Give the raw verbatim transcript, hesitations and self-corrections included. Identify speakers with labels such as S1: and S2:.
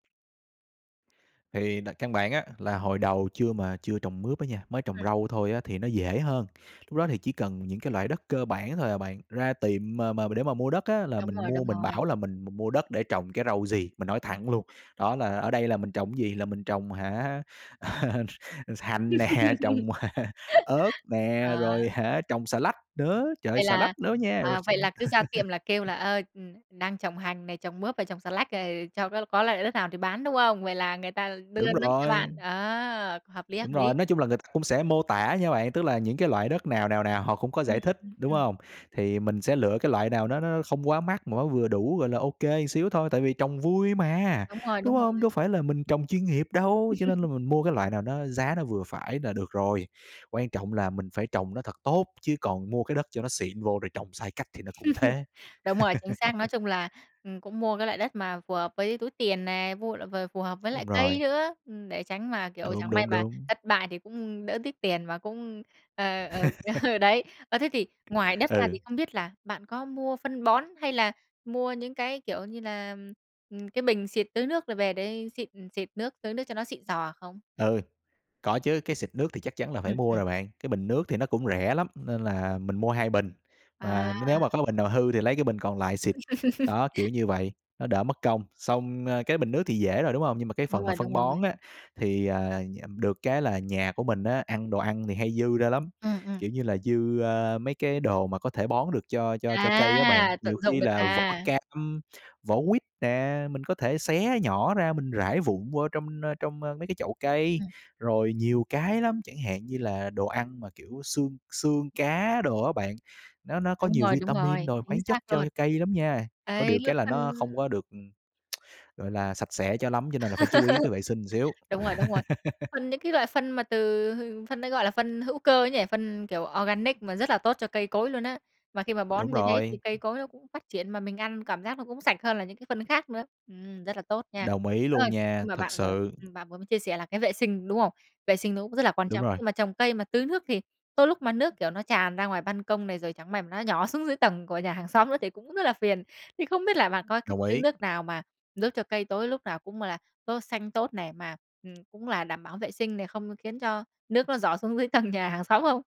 S1: Thì là căn bản á là hồi đầu chưa mà chưa trồng mướp á nha, mới trồng
S2: Ừm.
S1: rau thôi á thì nó dễ hơn. Lúc đó thì chỉ cần những cái loại đất cơ bản thôi à bạn ra tiệm mà mà để mà mua đất á là
S2: Đúng
S1: mình
S2: rồi,
S1: mua
S2: đúng
S1: mình
S2: rồi.
S1: bảo là mình m mua đất để trồng cái rau gì, mình nói thẳng luôn. Đó là ở đây là mình trồng gì, là mình trồng hả hành nè, trồng ớt
S2: Ờ.
S1: nè, rồi hả trồng xà lách nữa, trời ơi
S2: Vậy
S1: xà lách
S2: là,
S1: đó nha! Rồi
S2: à,
S1: s
S2: vậy là cứ ra tiệm là kêu là, ơ, đang trồng hành này, trồng mướp và trồng xà lách này cho có có loại đất nào thì bán, đúng không? Vậy là người ta đưa
S1: Đúng
S2: đất cho
S1: rồi.
S2: bạn. A! Hợp lý, hợp
S1: Đúng rồi,
S2: lý.
S1: nói chung là người ta cũng sẽ mô tả nha bạn, tức là những cái loại đất nào, nào, nào họ cũng có
S2: Ừm,
S1: giải thích,
S2: ừm,
S1: đúng
S2: ừm.
S1: hông? Thì mình sẽ lựa cái loại nào nó nó không quá mắc mà nó vừa đủ, gọi là, ô kê xíu thôi, tại vì trồng vui mà,
S2: Đúng rồi, đúng
S1: đúng hông? Đâu
S2: rồi.
S1: phải là mình trồng chuyên nghiệp đâu, cho nên là mình mua cái loại nào nó giá nó vừa phải là được rồi. Quan trọng là mình phải trồng nó thật tốt chứ còn mua cái đất cho nó xịn vô rồi trồng sai cách thì nó cũng thế.
S2: Đúng rồi, chính xác, nói chung là, ừm, cũng mua cái loại đất mà phù hợp với túi tiền nè, mua loại ph phù hợp với loại
S1: Đúng
S2: cây
S1: rồi.
S2: nữa, để tránh mà, kiểu,
S1: Đúng,
S2: chẳng may
S1: đúng,
S2: mà
S1: đúng.
S2: thất bại thì cũng đỡ tiếc tiền và cũng ờ, ờ, ờ đấy. Ơ, thế thì ngoài đất ra thì
S1: Ừ.
S2: không biết là bạn có mua phân bón hay là mua những cái, kiểu như là, cái bình xịt tưới nước rồi về để xịt xịt nước, tưới nước cho nó xịn xò không?
S1: Ừ, có chứ, cái xịt nước thì chắc chắn là phải
S2: Ừm,
S1: mua
S2: ừm.
S1: rồi bạn, cái bình nước thì nó cũng rẻ lắm nên là mình mua hai bình, mà
S2: À!
S1: nếu mà có bình nào hư thì lấy cái bình còn lại xịt. Đó, kiểu như vậy, nó đỡ mất công, xong cái bình nước thì dễ rồi, đúng hông? Nhưng mà cái
S2: Đúng
S1: phần mà
S2: rồi,
S1: phân
S2: đúng rồi.
S1: bón á thì, à, được cái là nhà của mình á ăn đồ ăn thì hay dư ra lắm,
S2: Ừm, ừm.
S1: kiểu như là, dư, ơ, mấy cái đồ mà có thể bón được cho cho cho cây á bạn.
S2: À, tận
S1: Nhiều
S2: dụng
S1: khi
S2: được
S1: là vỏ
S2: à?
S1: cam, vỏ quýt nè, mình có thể xé nhỏ ra mình rải vụn vô trong trong mấy cái chậu cây,
S2: Ừm.
S1: rồi nhiều cái lắm, chẳng hạn như là đồ ăn mà, kiểu, xương xương cá đồ á bạn, nó nó có
S2: Đúng
S1: nhiều
S2: rồi, đúng
S1: vitamin
S2: rồi,
S1: rồi
S2: chính
S1: khoáng chất
S2: xác
S1: cho
S2: luôn.
S1: cây lắm nha, có
S2: Đấy,
S1: điều
S2: lớp
S1: cái là
S2: phân
S1: nó không có được, ừm, gọi là, sạch sẽ cho lắm cho nên là phải chú ý cái vệ sinh xíu.
S2: Đúng rồi, đúng rồi. Phân những cái loại phân mà từ phân đấy, gọi là, phân hữu cơ ấy nhỉ, phân, kiểu, organic mà rất là tốt cho cây cối luôn á. Mà khi mà
S1: Đúng
S2: bón như thế thì
S1: rồi.
S2: cây cối nó cũng phát triển mà mình ăn cảm giác nó cũng sạch hơn là những cái phân khác nữa. Ừm, rất là tốt nha.
S1: Đồng ý
S2: Ơ,
S1: luôn nha,
S2: nhưng mà
S1: thật
S2: bạn vừa
S1: sự.
S2: bạn vừa mới chia sẻ là cái vệ sinh, đúng không? Vệ sinh nó cũng rất là quan
S1: Đúng
S2: trọng,
S1: rồi.
S2: nhưng mà trồng cây mà tưới nước thì tới lúc mà nước, kiểu, nó tràn ra ngoài ban công này rồi chẳng may nó nhỏ xuống dưới tầng của nhà hàng xóm nữa thì cũng rất là phiền. Thì không biết là bạn có cách
S1: Đồng
S2: tưới
S1: ý.
S2: nước nào mà giúp cho cây cối lúc nào cũng là tốt xanh tốt này mà, ừm, cũng là đảm bảo vệ sinh này, không khiến cho nước nó rỏ xuống dưới tầng nhà hàng xóm không?